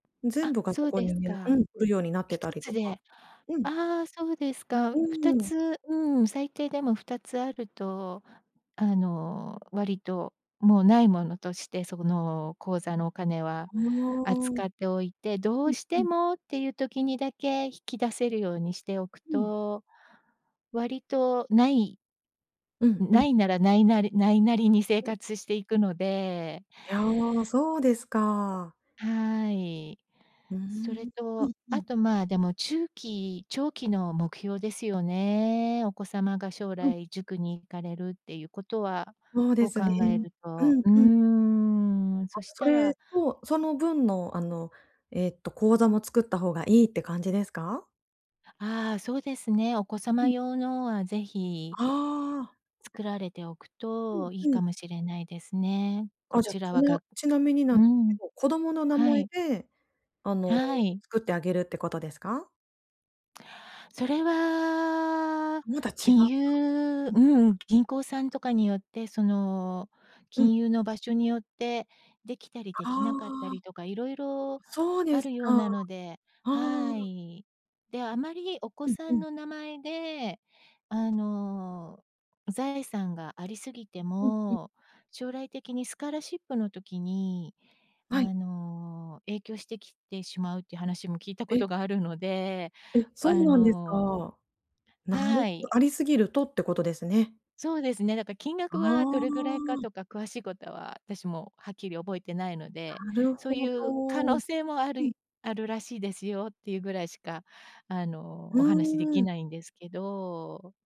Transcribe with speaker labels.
Speaker 1: 全
Speaker 2: あ、
Speaker 1: 部が
Speaker 2: そ
Speaker 1: そ
Speaker 2: う
Speaker 1: こ
Speaker 2: です
Speaker 1: にね、
Speaker 2: か。
Speaker 1: うん。来るようになって
Speaker 2: ひ
Speaker 1: た
Speaker 2: と
Speaker 1: り
Speaker 2: つ
Speaker 1: とか。
Speaker 2: で
Speaker 1: うん。
Speaker 2: ああそうですか。
Speaker 1: う
Speaker 2: ふた
Speaker 1: ーん。
Speaker 2: つうん。最低でも2つあると、あの割と、もう無いものとして、その口座のお金は
Speaker 1: うーん。
Speaker 2: 扱っておいて、ど
Speaker 1: う
Speaker 2: う
Speaker 1: ん
Speaker 2: し
Speaker 1: う
Speaker 2: て
Speaker 1: ん。
Speaker 2: もっていう時にだけ引き出せるようにしておく
Speaker 1: うん。
Speaker 2: と、割と無い
Speaker 1: うんう
Speaker 2: 無
Speaker 1: ん。
Speaker 2: いなら、無いなり無いなりに生
Speaker 1: うん。
Speaker 2: 活していくので
Speaker 1: いや、そうですか。
Speaker 2: はい。
Speaker 1: うー
Speaker 2: それ
Speaker 1: ん。う
Speaker 2: と、
Speaker 1: んう
Speaker 2: あ
Speaker 1: ん。
Speaker 2: と、まあ、でも中期、長期の目標ですよね。お子様が将
Speaker 1: うん。
Speaker 2: 来塾に行かれるっていうことは
Speaker 1: そうで
Speaker 2: を
Speaker 1: す
Speaker 2: 考
Speaker 1: ね。
Speaker 2: える
Speaker 1: う
Speaker 2: と、
Speaker 1: ん
Speaker 2: うー
Speaker 1: うん。
Speaker 2: ん、そ
Speaker 1: あ、
Speaker 2: し
Speaker 1: そ
Speaker 2: た
Speaker 1: れ
Speaker 2: ら
Speaker 1: と、その分のあの、えっと口座も作った方がいいって感じですか？
Speaker 2: ああ、そうですね。お子
Speaker 1: う
Speaker 2: 様
Speaker 1: ん。
Speaker 2: 用のは是非
Speaker 1: ああ。
Speaker 2: 作られておく
Speaker 1: うん
Speaker 2: といい
Speaker 1: う
Speaker 2: か
Speaker 1: ん。
Speaker 2: もしれないですね、こ
Speaker 1: あ、じゃ、
Speaker 2: ちら
Speaker 1: ち
Speaker 2: は
Speaker 1: な
Speaker 2: が
Speaker 1: ちなみになん、
Speaker 2: う
Speaker 1: すけ
Speaker 2: ん。
Speaker 1: ど、子供の名
Speaker 2: は
Speaker 1: 前
Speaker 2: い。
Speaker 1: であの、
Speaker 2: はい。
Speaker 1: 作ってあげるってことですか？
Speaker 2: それは、
Speaker 1: また違う
Speaker 2: 金
Speaker 1: か。
Speaker 2: 融
Speaker 1: うん。
Speaker 2: うん。銀行さんとかによって、その、
Speaker 1: うん。
Speaker 2: 金融の場所によってできたりで
Speaker 1: あ
Speaker 2: きなかった
Speaker 1: あ。
Speaker 2: りとか色々
Speaker 1: そうで
Speaker 2: あ
Speaker 1: す
Speaker 2: るよう
Speaker 1: か。あ
Speaker 2: なので、は
Speaker 1: あ。
Speaker 2: い。で、あまりお子
Speaker 1: うん
Speaker 2: さ
Speaker 1: う
Speaker 2: ん
Speaker 1: ん。
Speaker 2: の名前で、あの、財産がありすぎて
Speaker 1: うんうん。
Speaker 2: も、将来的にスカラシップの時に
Speaker 1: はい。
Speaker 2: あの、影響してきてしまうって話も聞いたこ
Speaker 1: え。
Speaker 2: とがあるので、
Speaker 1: え、そ
Speaker 2: あ
Speaker 1: うなんです
Speaker 2: の
Speaker 1: か。なる
Speaker 2: は
Speaker 1: ほ
Speaker 2: い。
Speaker 1: ありすぎるとってことですね。
Speaker 2: そうですね。だか金額
Speaker 1: あ
Speaker 2: はどれぐらいか
Speaker 1: あ。
Speaker 2: とか詳しいことは、あたしもはっきり覚えてないので、
Speaker 1: なる
Speaker 2: そう
Speaker 1: ほ
Speaker 2: いう可
Speaker 1: ど。う
Speaker 2: 能性もあ
Speaker 1: ん。
Speaker 2: るあるらしいですよっていうぐらいしか、あの、
Speaker 1: う
Speaker 2: お話しで
Speaker 1: ー
Speaker 2: き
Speaker 1: ん。
Speaker 2: ないんですけど